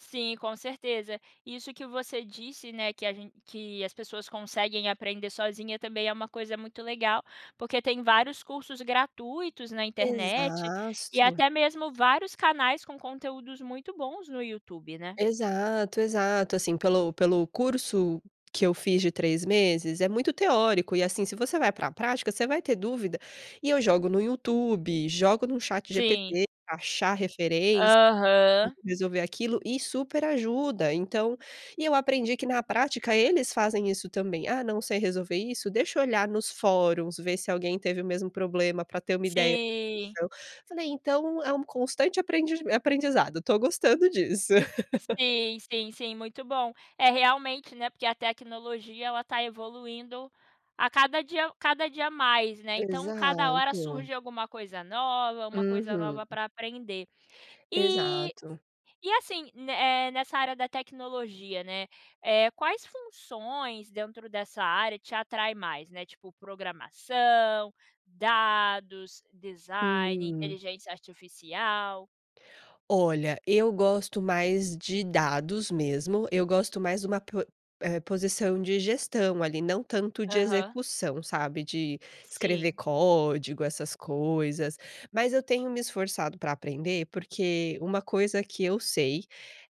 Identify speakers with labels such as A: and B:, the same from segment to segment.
A: Sim, com certeza. Isso que você disse, né, que a que as pessoas conseguem aprender sozinha também é uma coisa muito legal, porque tem vários cursos gratuitos na internet, e
B: Exato.
A: até mesmo vários canais com conteúdos muito bons no YouTube, né?
B: Exato, exato. Assim, pelo pelo curso que eu fiz de 3 meses, é muito teórico. E assim, se você vai pra prática, você vai ter dúvida. E eu jogo no YouTube, jogo no
A: Sim.
B: ChatGPT, achar referência, tipo,
A: Aham.
B: resolver aquilo e super ajuda. Então e eu aprendi que na prática, eles fazem isso também. "Ah, não sei resolver isso? Deixa eu olhar nos fóruns, ver se alguém teve o mesmo problema pra ter uma ideia".
A: Sim.
B: [unintelligible] Falei: "Então, é um constante aprendij aprendizado, estou gostando disso".
A: Sim, sim, sim, muito bom. É realmente, né, porque a tecnologia, ela está evoluindo a cada dia a cada dia mais, né. Então cada hora
B: Exato.
A: surge alguma coisa nova, uma coisa
B: Uhum.
A: nova para aprender. E
B: Exato.
A: e assim, eh, nessa área da tecnologia, né, eh, quais funções dentro dessa área te atrai mais, né? Tipo, programação, dados, design,
B: Hum.
A: inteligência artificial?
B: Olha, eu gosto mais de dados mesmo. Eu gosto mais de uma po eh, posição de gestão ali, não tanto de
A: Aham.
B: execução, sabe, de escrever
A: Sim.
B: código, essas coisas. Mas eu tenho me esforçado pra aprender, porque uma coisa que eu sei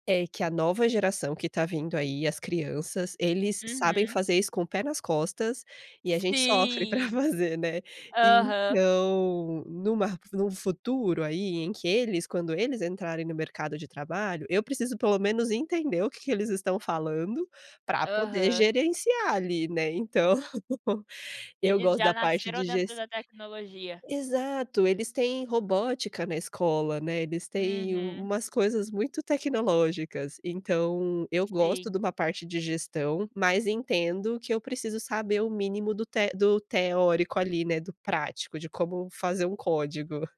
B: é que a nova geração que está vindo aí, as crianças, eles sabem
A: Uhum.
B: fazer isso com o pé nas costas, e a gente sofre pra
A: Sim.
B: fazer, né.
A: Aham.
B: Então, numa r num futuro, aí, em que eles quando eles entrarem no mercado de trabalho, eu preciso pelo menos entender o que que eles estão falando, pra poder
A: Aham.
B: gerenciar ali, né. Então, eu
A: Eles
B: gosto
A: já
B: da parte
A: nasceram
B: de ges
A: dentro da tecnologia.
B: exato, eles têm robótica na escola, né? Eles têm
A: Uhum.
B: umas coisas muito tecnológicas. Então, eu gosto
A: Sim.
B: de uma parte de gestão, mas entendo que eu preciso saber o mínimo do te do teórico, ali, do prático, de como fazer um código.